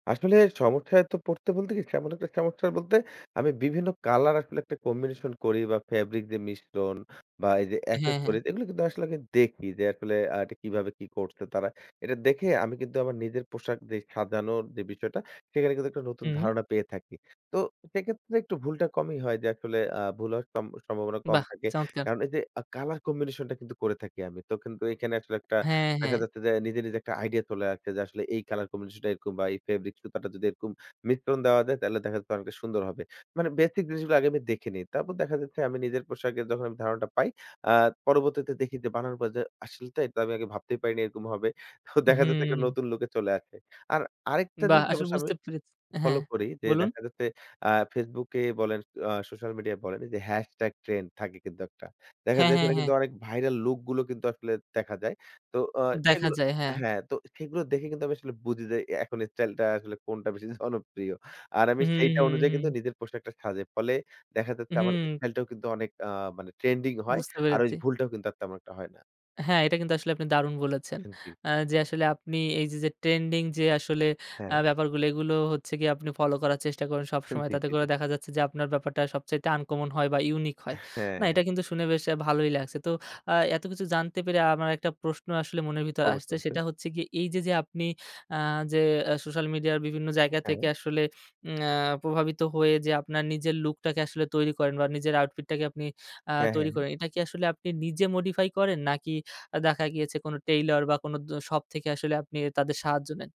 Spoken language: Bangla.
আসলে সমস্যায় তো পড়তে বলতে কি? তেমন একটা সমস্যায় বলতে, আমি বিভিন্ন কালার আসলে একটা কম্বিনেশন করি বা ফেব্রিক দিয়ে মিশ্রণ বা এই যে হ্যাঁ, হ্যাঁ। এক্সেসরিজ, এগুলি কিন্তু আসলে আগে দেখি, যে আসলে আ এটা কিভাবে কি করছে তারা? এটা দেখে আমি কিন্তু আমার নিজের পোশাক, ড্রেস সাজানোর যেই বিষয়টা, সেইখানে কিন্তু একটা নতুন হুম। ধারণা পেয়ে থাকি। তো সেক্ষেত্রে একটু ভুলটা কমই হয় যে, আসলে আ ভুল হওয়ার সম সম্ভাবনা কম বাহ, থাকে। চমৎকার! কারণ এই যে আ কালার কম্বিনেশন টা কিন্তু করে থাকি আমি। তো কিন্তু এখানে আসলে একটা হ্যাঁ, দেখা হ্যাঁ। যাচ্ছে যে, নিজে, নিজে একটা আইডিয়া চলে আসছে যে আসলে, এই কলার কম্বিনেশন টা এরকম বা এই ফেব্রিক্স সুতাটা যদি এরকম মিশ্রণ দেওয়া যায়, তাইলে দেখা যাবে অনেকটা সুন্দর হবে। মানে বেসিক জিনিসগুলা আগে আমি দেখে নিই। তারপর দেখা যাচ্ছে আমি নিজের পোশাকের যখন ধারণাটা পাই, আ পরবর্তীতে দেখি যে বানানোর পর যে, "আসলে তাই তো, আমি আগে ভাবতেই পারিনি এরকম হবে।" তো দেখা যাচ্ছে একটা হুম। নতুন লুকে চলে আসে। আর আরেকটা বাহ! জিনিস আসলে অবশ্য আমি বুঝতে পেরেছি ফলো হ্যাঁ, করি যে, বলুন? দেখা যাচ্ছে আ ফেসবুকে বলেন, আ সোশ্যাল মিডিয়া বলেন, এইযে হ্যাশট্যাগ ট্রেন্ড থাকে কিন্তু একটা। দেখা হ্যাঁ, যায় হ্যাঁ, ওইখানে হ্যাঁ। কিন্তু অনেক ভাইরাল লুক গুলো কিন্তু আসলে দেখা যায়। তো অ দেখা সেগুলো যায়, হ্যাঁ। হ্যাঁ, তো সেগুলো দেখে কিন্তু আমি আসলে বুঝি যে, অ্যা এখন স্টাইলটা আসলে কোনটা বেশি জনপ্রিয়। আর আমি হু, সেইটা হু, অনুযায়ী কিন্তু হু। নিজের পোশাকটা সাজাই। ফলে দেখা যাচ্ছে আমার হু। স্টাইলটাও কিন্তু অনেক, আ মানে ট্রেন্ডিং হয়। বুঝতে আর ওই পেরেছি। ভুলটাও কিন্তু আর তেমন একটা হয় না। হ্যাঁ। এটা কিন্তু আসলে আপনি দারুণ বলেছেন। হ্যাঁ, জি। আ যে আসলে আপনি এই যে, যে ট্রেন্ডিং যে আসলে আ হ্যাঁ। ব্যাপারগুলি, এগুলো হচ্ছে গিয়ে আপনি ফলো করার চেষ্টা করেন সবসময়। জি, তাতে জি, করে জি। দেখা যাচ্ছে যে আপনার ব্যাপারটা সবচাইতে আনকমন হয় বা ইউনিক হয়। না, এটা হ্যাঁ। কিন্তু শুনে বেশ আ ভালোই লাগছে। তো আ এতকিছু জানতে পেরে আমার একটা প্রশ্ন আসলে মনের ভিতর অবশ্যই, আসছে, সেটা অবশ্যই। হচ্ছে কি? এই যে, যে আপনি আ যে এ সোশ্যাল মিডিয়ার বিভিন্ন জায়গা হ্যাঁ। থেকে আসলে, উম অ্যা প্রভাবিত হয়ে যে আপনার নিজের লুকটাকে আসলে তৈরি করেন বা নিজের আউটফিটটাকে আপনি আ হ্যাঁ, তৈরি হ্যাঁ, হ্যাঁ। করেন। এটা কি আসলে আপনি নিজে মডিফাই করেন? নাকি আ দেখা গিয়েছে কোনো টেইলর বা কোন দ শপ থেকে আসলে আপনি তাদের সাহায্য নেন?